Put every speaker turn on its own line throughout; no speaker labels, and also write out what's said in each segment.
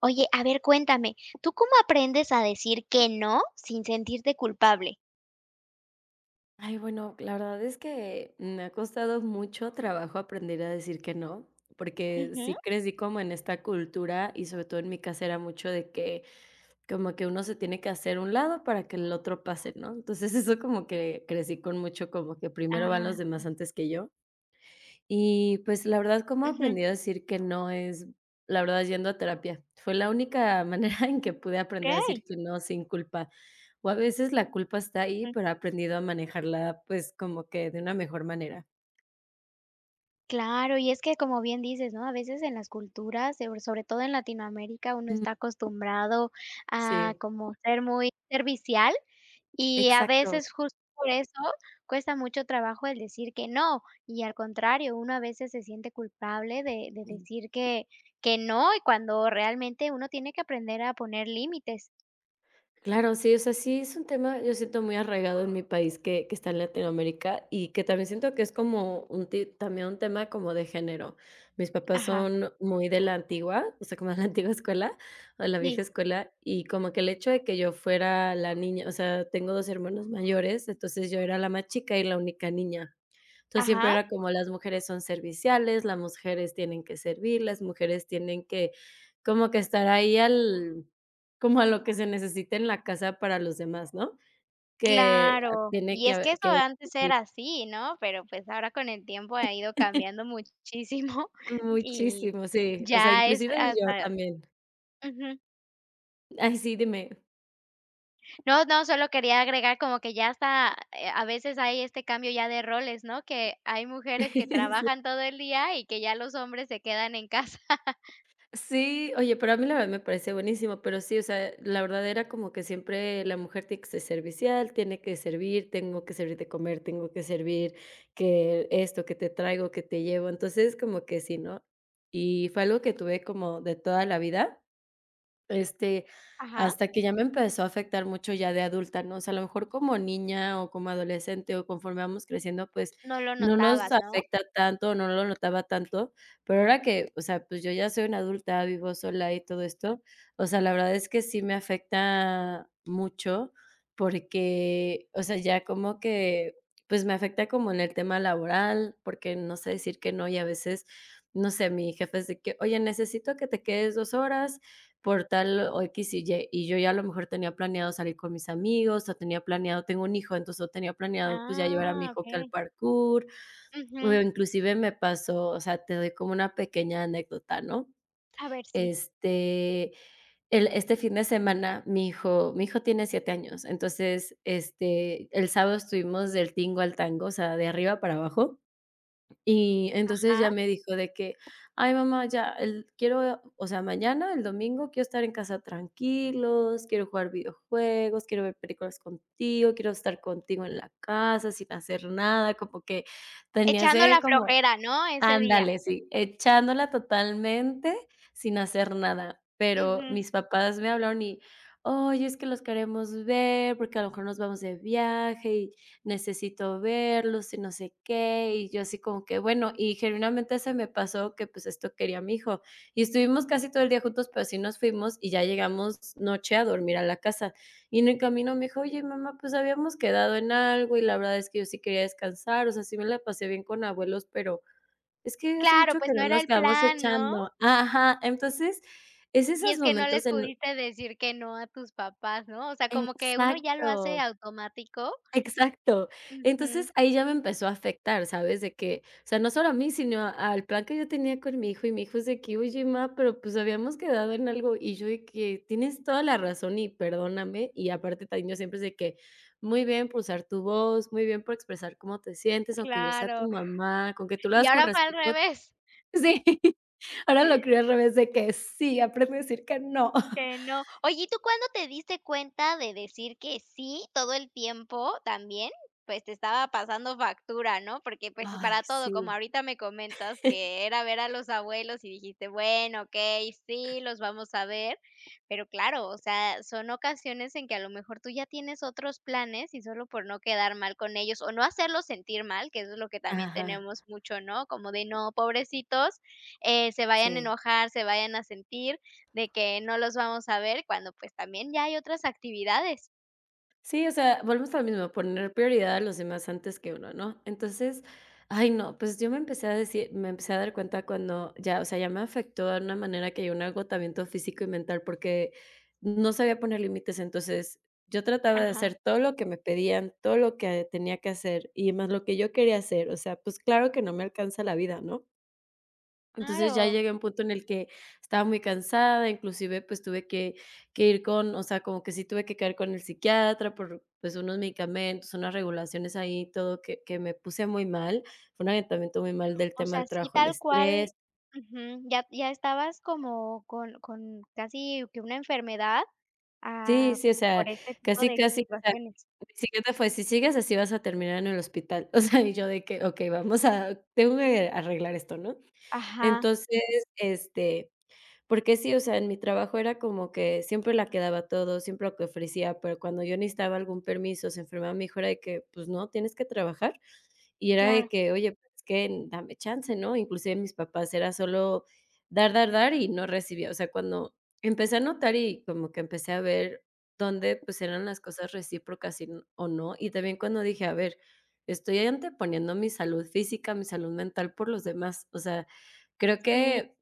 Oye, a ver, cuéntame, ¿tú cómo aprendes a decir que no, sin sentirte culpable?
Ay, bueno, la verdad es que me ha costado mucho trabajo aprender a decir que no, porque,
Ujú.
sí crecí como en esta cultura y sobre todo en mi casa era mucho de que como que uno se tiene que hacer a un lado para que el otro pase, ¿no? Entonces eso como que crecí con mucho, como que primero van los
Ah, sí.
demás antes que yo y pues, la verdad, ¿cómo
Ujú.
aprendí a decir que no?, es, la verdad, es yendo a terapia, fue la única manera en que pude aprender a decir
Okey.
que no sin culpa, o a veces la culpa está ahí, pero, he aprendido a manejarla, pues como que de una mejor manera.
Claro, y es que como bien dices, ¿no?, a veces en las culturas, pero, sobre todo en Latinoamérica, uno
Mm.
está acostumbrado a
Sí.
como ser muy servicial y a
Exacto.
veces justo por eso cuesta mucho trabajo el decir que no. Y, al contrario, uno a veces se siente culpable de de
Mm.
decir que que no y cuando realmente uno tiene que aprender a poner límites.
Claro, sí, o sea, sí, es un tema, yo siento muy arraigado en mi país que que está en Latinoamérica, y que también siento que es como un ti también un tema como de género. Mis papás
Ajá.
son muy de la antigua, o sea, como de la antigua escuela, o la vieja
Sí.
escuela, y como que el hecho de que yo fuera la niña, o sea, tengo 2, hermanos mayores. Entonces, yo era la más chica y la única niña, entonces siempre
Ajá.
era como las mujeres son serviciales, las mujeres tienen que servir, las mujeres tienen que, como que estar ahí al como a lo que se necesita en la casa para los demás, ¿no? Que
Claro,
tiene
y
que
es
a
que eso
que.
antes
[unintelligible] Sí.
era así, ¿no? Pero, pues ahora, con el tiempo ha ido cambiando muchísimo, y
Muchísimo. Sí, o sea,
ya es
inclusive yo
hasta
también.
Ujú.
Ay, sí, dime
No no, solo quería agregar como que ya hasta e a veces hay este cambio ya de roles, ¿no? Que hay mujeres que
Sí.
trabajan todo el día, y que ya los hombres se quedan en casa.
Sí, oye, pero, a mí la verdad me parece buenísimo. Pero sí, o sea, e la verdadera como que siempre la mujer tiene que ser servicial, tiene que servir, tengo que servir de comer, tengo que servir que esto, que te traigo, que te llevo. Entonces como que sí, ¿no? Y fue algo que tuve como de toda la vida. Este,
Ajá.
hasta que ya me empezó a afectar mucho ya de adulta, ¿no? O sea, a lo mejor como niña o como adolescente o conforme vamos creciendo, pues,
No lo
no nos
notabas, ¿no?
afecta tanto, no lo notaba tanto. Pero, ahora que o sea, pues yo ya soy una adulta, vivo sola y todo esto. O sea, la verdad es que sí me afecta mucho, porque, o sea, ya como que pues, me afecta como en el tema laboral, porque, no sé decir que no, y a veces no sé, mi jefe de que oye, necesito que te quedes 2, horas, por tal o, equis y ye, y yo ya a lo mejor tenía planeado salir con mis amigos, o tenía planeado tengo un hijo, entonces yo tenía planeado pues ya llevar a mi
Ah,
hijo aquí al
okey.
Parcur. O
Ujú.
inclusive me pasó, o sea, te doy como una pequeña anécdota, ¿no?
A ver, si.
Este, el, este, fin de semana, mi hijo mi hijo tiene 7, años, entonces, este, el sábado estuvimos del tingo al tango, o sea, de arriba para abajo, y entonces
Ajá.
ya me dijo de que: "Ay, mamá, ya el quiero, o sea, mañana, el domingo, quiero estar en casa tranquilos, quiero jugar videojuegos, quiero ver películas contigo, quiero estar contigo en la casa, sin hacer nada", como que tenía
Echando
ese
la
como
flojera, ¿no?, ese día.
ándale, sí, echándola totalmente, sin hacer nada, pero,
Ujú.
mis papás me hablaron y: "Oye, es que los queremos ver porque a lo mejor nos vamos de viaje, y necesito verlos y no sé qué", y yo así como que: "Bueno", y genuinamente se me pasó que pues, esto quería a mi hijo. Y estuvimos casi todo el día juntos, pero, así nos fuimos y ya llegamos noche a dormir a la casa. Y en el camino me dijo: "Oye, mamá, pues, habíamos quedado en algo y la verdad es que yo sí quería descansar. O sea, sí me la pasé bien con abuelos, pero, es que hace
Claro,
mucho que
pues, no
no
era
nos
el
quedamos
plan, ¿no?
echando". Ajá. Entonces es
Y
esos
es que no les
momentos en
pudiste decir que no a tus papás, ¿no? O sea, como que uno ya lo hace
Exacto.
automático.
Exacto,
Ujú.
entonces ahí ya me empezó a afectar, ¿sabes?, de que o sea, no solo a mí, sino al plan que yo tenía con mi hijo, y mi hijo es de que: "Oye má, pero pues, habíamos quedado en algo", y yo de que: "Tienes toda la razón y perdóname", y aparte también yo siempre es de que, muy bien por usar tu voz, muy bien por expresar cómo te sientes, aunque yo sea
Claro.
tu mamá, con que tú lo
Y
hagas con
ahora fue al
respeto
revés.
Sí, ahora lo crio al revés de que, sí aprende a decir que no.
Que no. Oye, ¿y tú cuándo te diste cuenta de decir que sí, todo el tiempo también, pues, te estaba pasando factura?, ¿no? Porque, pues
Ay,
para todo, como
sí.
ahorita me comentas que era ver a los abuelos y dijiste: "Bueno, okey, sí, los vamos a ver", pero claro, o sea, son ocasiones en que a lo mejor tú ya tienes otros planes, y solo por no quedar mal con ellos o no hacerlos sentir mal, que eso es lo que también
Ajá.
tenemos mucho, ¿no?, como de no, pobrecitos, eh, se vayan a
Sí.
enojar, se vayan a sentir, de que no los vamos a ver, cuando pues, también ya hay otras actividades.
Sí, o sea, volvemos a lo mismo, poner prioridad a los demás antes que uno, ¿no? Entonces, ay, no, pues yo me empecé a decir me empecé a dar cuenta cuando ya, o sea, ya me afectó a una manera que llegó un agotamiento físico y mental porque no sabía poner límites. Entonces yo trataba de
Ajá.
hacer todo lo que me pedían, todo lo que tenía que hacer y más lo que yo quería hacer. O sea, pues claro que no me alcanza la vida, ¿no? Entonces ya
Claro.
llegué a un punto en el que estaba muy cansada, inclusive, pues tuve que que ir con, o sea, como que sí tuve que caer con el psiquiatra por, pues unos medicamentos, unas regulaciones ahí, todo que que me puse muy mal. Fue un agotamiento muy mal del
O
tema
sea,
del
sí,
trabajo, el
tal cual
estrés
Ujú ya ya estabas como con con casi que una enfermedad,
Sí,
ah,
sí, o sea,
por este tipo
casi,
de
casi, o sea, sí,
situaciones.
el psiquiatra fue: "Si sigues así, vas a terminar en el hospital". O sea, y yo de que, okey, vamos a tengo que arreglar esto, ¿no?
Ajá.
Entonces, este porque sí, o sea, en mi trabajo era como que siempre la que daba todo, siempre lo que ofrecía. Pero cuando yo necesitaba algún permiso, se enfermaba mi hijo, era de que: "Pues no, tienes que trabajar". Y era de
Claro.
que: "Oye, pues es que dame chance, ¿no?" Inclusive mis papás era solo dar, dar, dar y no recibía. O sea, cuando empecé a notar y como que empecé a ver dónde, pues eran las cosas recíprocas y, o no. Y también cuando dije: "A ver, estoy anteponiendo mi salud física, mi salud mental por los demás". O sea, creo
Sí.
que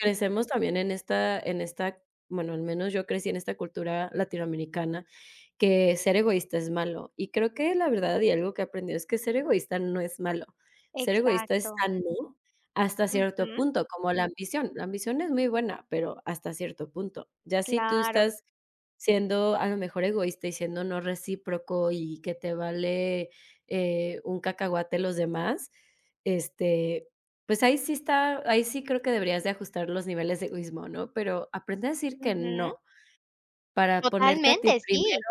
crecemos también en esta en esta, bueno al menos yo crecí en esta cultura latinoamericana, que ser egoísta es malo, y creo que la verdad y algo que he aprendido es que ser egoísta no es malo. Ser egoísta es
Exacto.
sano, hasta cierto
Ujú.
punto, como la ambición. La ambición es muy buena, pero hasta cierto punto. Ya si tú
Claro.
estás siendo a lo mejor egoísta y siendo no recíproco y que te vale, eh, un cacahuate los demás, este, pues ahí sí está ahí sí, creo que deberías de ajustar los niveles de egoísmo, ¿no? Pero aprende a decir que
Ujú.
no, para ponerte a ti
Totalmente,
primero,
sí,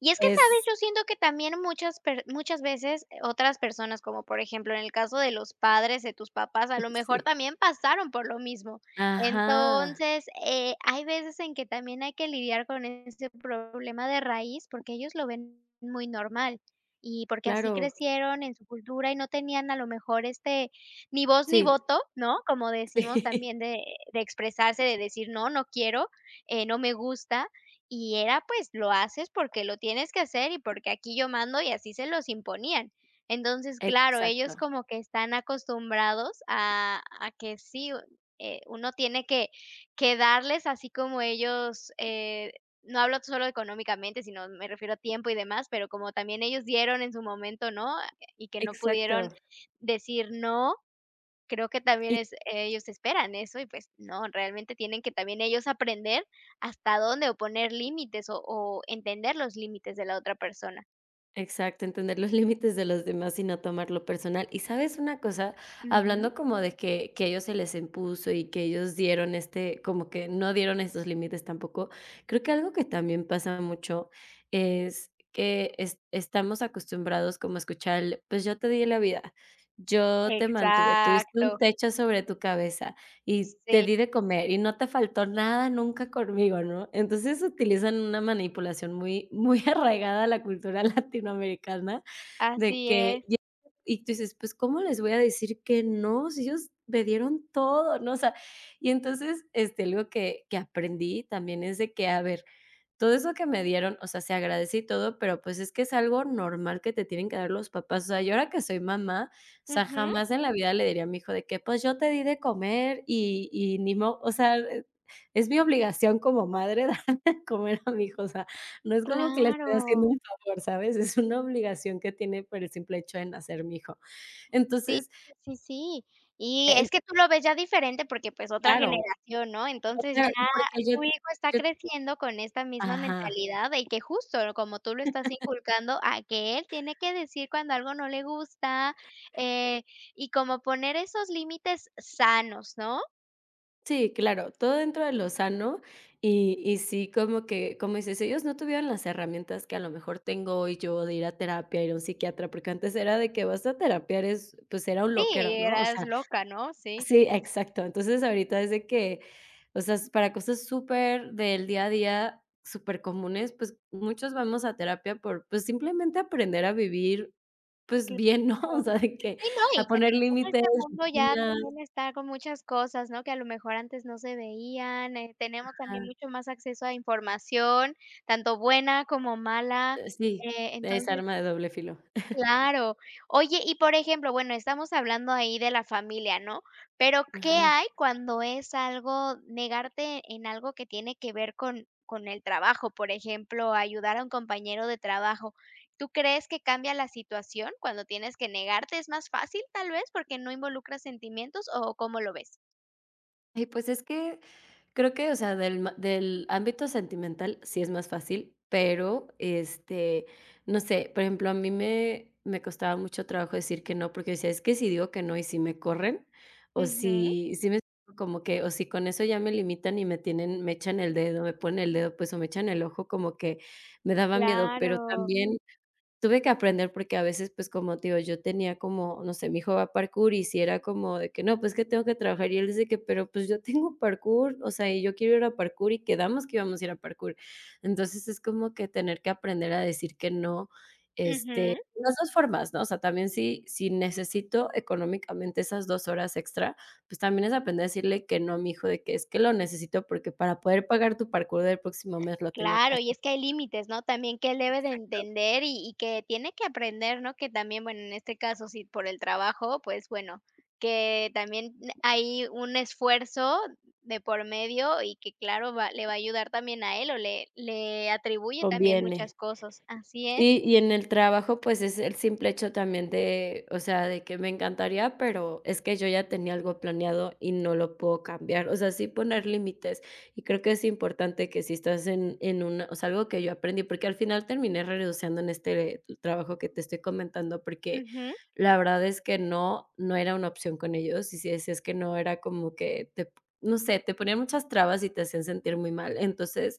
y es que, ¿sabes?,
es
yo siento que también muchas per muchas veces, eh, otras personas, como por ejemplo, en el caso de los padres de tus papás, a lo mejor
Sí.
también pasaron por lo mismo.
Ajá.
Entonces, eh, hay veces en que también hay que lidiar con este otro problema de raíz porque ellos lo ven muy normal y porque así
Claro.
crecieron en su cultura y no tenían a lo mejor este, ni voz ni
Sí.
voto, ¿no? Como decimos
Sí.
también, de de expresarse de decir: "No, no quiero, eh, no me gusta", y era, pues, lo haces porque lo tienes que hacer y porque aquí yo mando y así se los imponían. Entonces, claro, ellos
Exacto.
como que están acostumbrados a a que sí, u eh, uno tiene que que darles así como ellos, eh, no hablo solo económicamente, sino me refiero a tiempo y demás, pero como también ellos dieron en su momento, ¿no? Y que no pudieron
Exacto.
decir no, creo que también
Y
es ellos esperan eso y, pues no, realmente tienen que también ellos aprender hasta dónde o poner límites o o entender los límites de la otra persona.
Exacto, entender los límites de los demás y no tomarlo personal, y ¿sabes una cosa?, hablando
Ujú.
como de que que ellos se les impuso y que ellos dieron este como que no dieron estos límites tampoco, creo que algo que también pasa mucho es que es estamos acostumbrados como a escuchar el: "Pues yo te di la vida, yo te mantuve, tuviste un
Exacto.
techo sobre tu cabeza y te
Sí.
di de comer y no te faltó nada nunca conmigo", ¿no? Entonces, utilizan una manipulación muy muy arraigada a la cultura latinoamericana de
Así
que,
es.
[unintelligible] y tú dices: "Pues, ¿cómo les voy a decir que no? Sí, ellos me dieron todo, ¿no?" O sea, y entonces, este, algo que que aprendí también es de, que a ver, todo eso que me dieron. O sea, se agradece y todo, pero pues es que es algo normal que te tienen que dar los papás. O sea, yo ahora que soy mamá, o sea,
Ujú.
jamás en la vida le diría a mi hijo de que: "Pues, yo te di de comer y y ni mo" O sea, e es mi obligación como madre dar de comer a mi hijo. O sea, no es como que le estoy haciendo
Claro.
un favor, ¿sabes? Es una obligación que tiene por el simple hecho de nacer mi hijo,
Sí,
entonces
sí, sí, sí. Y
en
es que tú lo ves ya diferente porque, pues, otra
Claro.
generación, ¿no?
No,
Entonces ya,
claro, y porque yo
tu hijo está
yo
creciendo con esta misma
Ajá.
mentalidad de que justo como tú lo estás inculcando, a que él tiene que decir cuando algo no le gusta, eh, y como poner esos límites sanos, ¿no?
Sí, claro, todo dentro de lo sano y y sí, como que como dices, ellos no tuvieron las herramientas que a lo mejor tengo hoy yo de ir a terapia, ir a un psiquiatra, porque antes era de que, ¿vas a terapia? Eres pues era un
Sí, y
loquero, ¿no?, o
eras
sea
loca, ¿no?, sí.
Sí, exacto. Entonces ahorita es de que, o sea, es para cosas súper del día a día, supercomunes. Pues muchos vamos a terapia por, pues simplemente aprender a vivir, pues bien, ¿no?, o
Claro,
sea, de que
sí, no,
a
y que
poner
también
límites,
este mundo ya
rutinas.
también está con muchas cosas, ¿no?, que a lo mejor antes no se veían. Eh, tenemos también
Ajá.
mucho más acceso a información, tanto buena como mala,
Eh, sí,
eh,
es
entonces
arma de doble filo.
Claro. Oye, y por ejemplo, bueno, estamos hablando ahí de la familia, ¿no?, pero ¿qué
Ajá.
hay cuando es algo, negarte en algo que tiene que ver con con el trabajo? Por ejemplo, ayudar a un compañero de trabajo. ¿Tú crees que cambia la situación cuando tienes que negarte? Es más fácil, ¿tal vez?, porque no involucras sentimientos o, ¿cómo lo ves?
Ay, pues es que creo que, o sea, del ma del ámbito sentimental sí es más fácil, pero este no sé, por ejemplo, a mí me me costaba mucho trabajo decir que no, porque decía: "Es que si digo que no y sí me corren o
Ujú.
si", ¿sí me explico?, como que o si con eso ya me limitan y me tienen me echan el dedo, me ponen el dedo, pues o me echan el ojo, como que me daba miedo, pero
Claro.
también tuve que aprender porque a veces, pues, como te digo, yo tenía como, no sé, mi hijo va a parkour y sí era como de que: "No, pues es que tengo que trabajar", y él dice que: "Pero, pues, yo tengo parkour, o sea, y yo quiero ir a parkour y quedamos que íbamos a ir a parkour". Entonces es como que tener que aprender a decir que no, este,
Ujú.
de las dos formas, ¿no?, o sea, también sí, si necesito económicamente esas dos horas extra, pues también es aprender a decirle que no a mi hijo, de que: "Es que lo necesito porque para poder pagar tu parkour del próximo mes lo tengo que
Claro, y
hacer".
es que hay límites, ¿no?, también que él debe de
Exacto.
entender y y que tiene que aprender, ¿no?, que también, bueno, en este caso, sí, por el trabajo. Pues, bueno, que también, mm, hay un esfuerzo de por medio y que, claro, va le va a ayudar también a él o le le atribuye también
Conviene.
muchas cosas. Así es.
Sí, y en el trabajo, pues es el simple hecho también de, o sea, de que me encantaría, pero es que yo ya tenía algo planeado y no lo puedo cambiar. O sea, sí poner límites y creo que es importante que si estás en en una o sea, algo que yo aprendí, porque al final terminé renunciando en este trabajo que te estoy comentando, porque
Ujú.
la verdad es que no, no era una opción con ellos. Y si decías que no, era como que, te no sé, te ponían muchas trabas y te hacían sentir muy mal. Entonces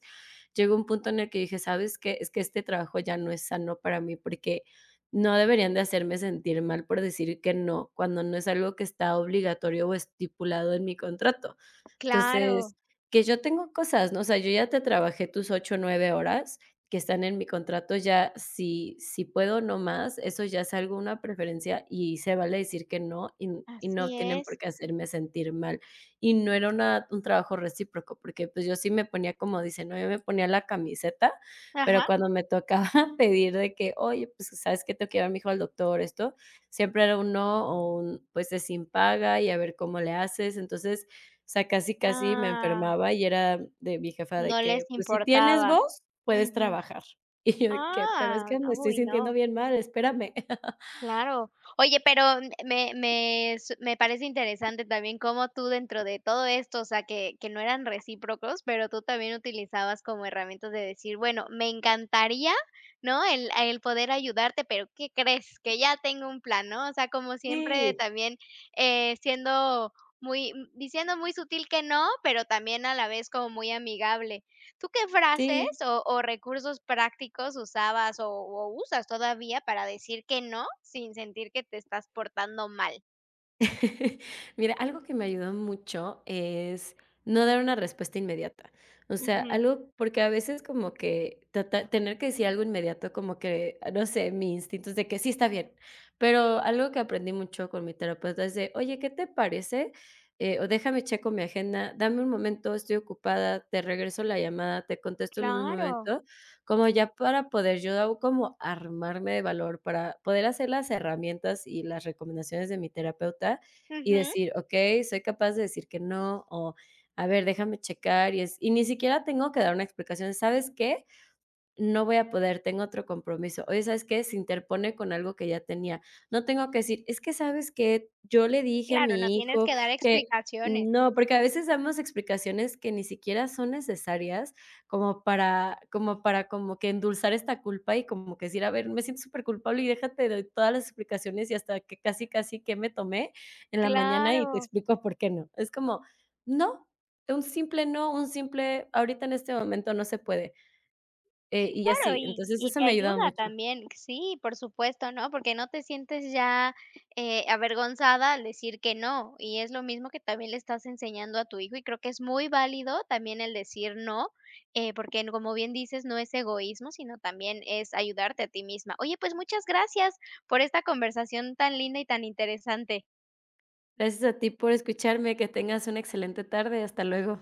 llegó un punto en el que dije: "¿Sabes qué? Es que este trabajo ya no es sano para mí porque no deberían de hacerme sentir mal por decir que no cuando no es algo que está obligatorio o estipulado en mi contrato".
Claro.
Entonces, que yo tengo cosas, ¿no? O sea, yo ya te trabajé tus 8 o 9 horas que están en mi contrato, ya si, si puedo, no más. Eso ya es alguna preferencia y se vale decir que no y n y no
Así
tienen por
es.
qué hacerme sentir mal y no era una un trabajo recíproco porque, pues, yo sí me ponía, como dicen, ¿no?, yo me ponía la camiseta, pero
Ajá.
cuando me tocaba pedir de que: "Oye, pues, ¿sabes qué?, tengo que llevar a mi hijo al doctor", esto, siempre era un no o un, pues, es sin paga y a ver cómo le haces. Entonces, o sea, casi, casi me
Ah.
enfermaba y era de mi jefa de
No les
que: "Pues si tienes
importaba.
voz, puedes
Ujú.
trabajar", y yo de que: "Pero es
Ah,
que
n
me estoy
uy,
sintiendo
no.
bien mal, espérame".
Claro. Oye, pero m me me su me parece interesante también cómo tú, dentro de todo esto, o sea, que que no eran recíprocos. Pero tú también utilizabas como herramientas de decir: "Bueno, me encantaría, ¿no?, el el poder ayudarte. Pero, ¿qué crees, que ya tengo un plan?", ¿no? O sea, como siempre,
Sí.
también, eh, siendo muy, m diciendo muy sutil que no, pero también a la vez como muy amigable. ¿Tú qué frases
Sí.
o o recursos prácticos usabas o o usas todavía para decir que no sin sentir que te estás portando mal?
Mira, algo que me ayudó mucho es no dar una respuesta inmediata. O sea,
Ujú.
algo porque, a veces, como que tratar tener que decir algo inmediato, como que no sé, mi instinto es que sí, está bien, pero algo que aprendí mucho con mi terapeuta es de: "Oye, ¿qué te parece? Eh, o déjame checo mi agenda, dame un momento, estoy ocupada, te regreso la llamada, te contesto en un
Claro.
momento", como ya para poder yo como armarme de valor para poder hacer las herramientas y las recomendaciones de mi terapeuta y
Ujú.
decir: "Okay, soy capaz de decir que no", o a ver, déjame checar y es y ni siquiera tengo que dar una explicación, ¿sabes qué? No voy a poder. Tengo otro compromiso. Oye, ¿sabes qué? Se interpone con algo que ya tenía. No tengo que decir es que, ¿sabes que? Yo le dije a
Claro, no
mi
tienes
hijo
que dar
que
explicaciones.
no, porque a veces damos explicaciones que ni siquiera son necesarias, como para como para como que endulzar esta culpa y como que decir: "A ver, me siento superculpable" y déja te doy todas las explicaciones y hasta que casi casi que me tomé en la mañana, y te
Claro.
explico por qué no es como no, un simple no, un simple ahorita en este momento no se puede eh, y
Claro,
así,
y
entonces
y
eso
te
me ha ayudado
ayuda
mucho.
también. Sí, por supuesto, ¿no? Porque, no te sientes ya, eh, avergonzada al decir que no, y es lo mismo que también, le estás enseñando a tu hijo y creo que es muy válido también el decir no, eh, porque, como bien dices, no es egoísmo, sino también es ayudarte a ti misma. Oye, pues, muchas gracias por esta conversación tan linda y tan interesante.
Gracias a ti por escucharme, que tengas una excelente tarde. Hasta luego.